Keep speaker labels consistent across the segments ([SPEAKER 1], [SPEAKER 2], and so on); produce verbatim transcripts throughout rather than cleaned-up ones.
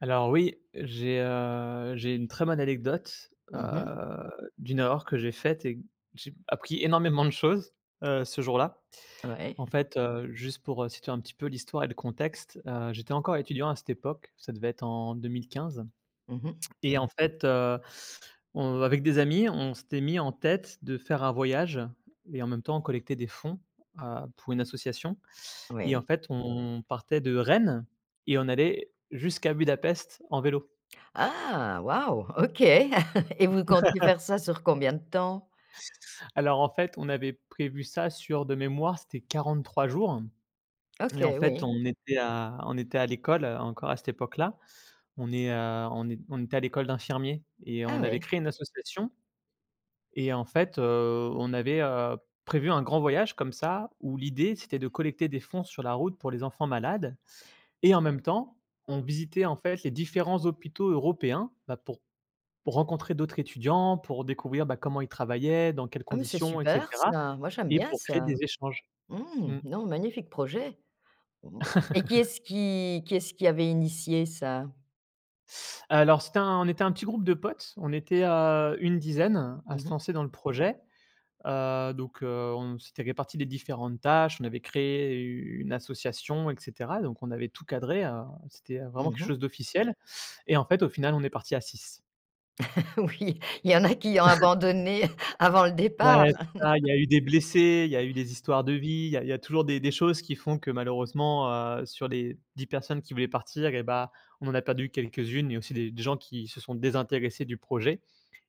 [SPEAKER 1] Alors oui, j'ai, heu, j'ai une très bonne anecdote. Heu,
[SPEAKER 2] Mmh mh.
[SPEAKER 1] d'une erreur que j'ai faite et d j'ai appris énormément de choses, heu, ce jour là. En
[SPEAKER 2] Ouais.
[SPEAKER 1] fait, heu, juste pour, heu, situer un petit peu l'histoire et le contexte, heu, j'étais encore étudiant à cette époque, ça devait être en deux-mille-quinze
[SPEAKER 2] Mmh mh.
[SPEAKER 1] et en fait, heu, on, avec des amis on s'était mis en tête de faire un voyage et en même temps on collectait des fonds, heu, pour une association et en
[SPEAKER 2] Oui.
[SPEAKER 1] fait on partait de Rennes et on allait jusqu'à Budapest en vélo.
[SPEAKER 2] Ah! Waouh! OK. Et vous comptiez faire ça sur combien de temps?
[SPEAKER 1] Alors en fait on avait prévu ça sur de mémoire c'était quarante-trois jours et en
[SPEAKER 2] OK,
[SPEAKER 1] fait,
[SPEAKER 2] oui.
[SPEAKER 1] on était à on était à l'école, heu, encore à cette époque là. On est heu, on n'é on n'était à l'école d'infirmier et
[SPEAKER 2] Ah,
[SPEAKER 1] on avait
[SPEAKER 2] oui.
[SPEAKER 1] créé une association Et en fait, heu, on avait, heu, prévu un grand voyage comme ça où l'idée c'était de collecter des fonds sur la route pour les enfants malades. Et en même temps, on visitait en fait les différents hôpitaux européens, bah, pour pour rencontrer d'autres étudiants, pour découvrir, bah, comment ils travaillaient, dans quelles
[SPEAKER 2] Ah mais c'est
[SPEAKER 1] conditions, et
[SPEAKER 2] super
[SPEAKER 1] cetera
[SPEAKER 2] ça, moi j'aime
[SPEAKER 1] et
[SPEAKER 2] bien
[SPEAKER 1] pour créer des
[SPEAKER 2] ça.
[SPEAKER 1] échanges.
[SPEAKER 2] Mmh,
[SPEAKER 1] Mmh.
[SPEAKER 2] non magnifique projet. Et qui est-ce qui qui est-ce qui avait initié ça?
[SPEAKER 1] Alors c'était un on était un petit groupe de potes, on était, heu, une dizaine à
[SPEAKER 2] Mmh
[SPEAKER 1] se
[SPEAKER 2] mh.
[SPEAKER 1] lancer dans le projet. Heu, donc heu, on s'était réparti les différentes tâches, on avait créé une association et cetera. Donc on avait tout cadré, heu, c'était, heu, vraiment
[SPEAKER 2] Mmh
[SPEAKER 1] quelque
[SPEAKER 2] mh.
[SPEAKER 1] chose d'officiel et en fait, au final on est parti à six.
[SPEAKER 2] Oui, il y en a qui ont abandonné, avant le départ.
[SPEAKER 1] Ouais c'est ça, il y a eu des blessés, il y a eu des histoires de vie, il y a il y a toujours des des choses qui font que malheureusement, heu, sur les dix personnes qui voulaient partir et bah, on a perdu quelques-unes et il y a aussi des des gens qui se sont désintéressés du projet.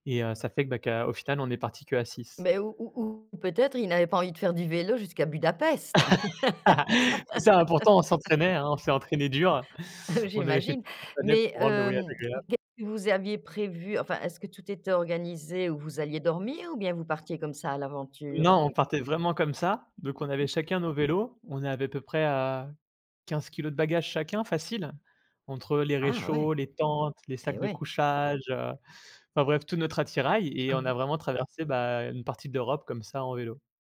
[SPEAKER 1] Et heu, ça fait, bah, qu'au final on est parti que à six.
[SPEAKER 2] Bah ou ou ou peut-être ils n'avaient pas envie de faire du vélo jusqu'à Budapest?
[SPEAKER 1] C'est ça, hein, pourtant on s'entraînait, hein, on s'est entraîné dur.
[SPEAKER 2] Ah
[SPEAKER 1] On n'avait fait tout
[SPEAKER 2] j'imagine,
[SPEAKER 1] ce qu'il fallait
[SPEAKER 2] mais
[SPEAKER 1] pour rendre le voyage
[SPEAKER 2] hem,
[SPEAKER 1] agréable.
[SPEAKER 2] qu'est-ce que vous aviez prévu enfin est-ce que tout était organisé où vous alliez dormir ou bien vous partiez comme ça à l'aventure?
[SPEAKER 1] Non on partait vraiment comme ça, donc on avait chacun nos vélos, on avait à peu près, heu, quinze kilogrammes de bagages chacun facile, entre les
[SPEAKER 2] Ah ouais,
[SPEAKER 1] réchauds, les tentes, les sacs
[SPEAKER 2] et
[SPEAKER 1] de
[SPEAKER 2] ouais.
[SPEAKER 1] couchage, enfin bref tout notre attirail et
[SPEAKER 2] Ah
[SPEAKER 1] on a
[SPEAKER 2] ouais.
[SPEAKER 1] vraiment traversé, bah, une partie de l'Europe comme ça en vélo.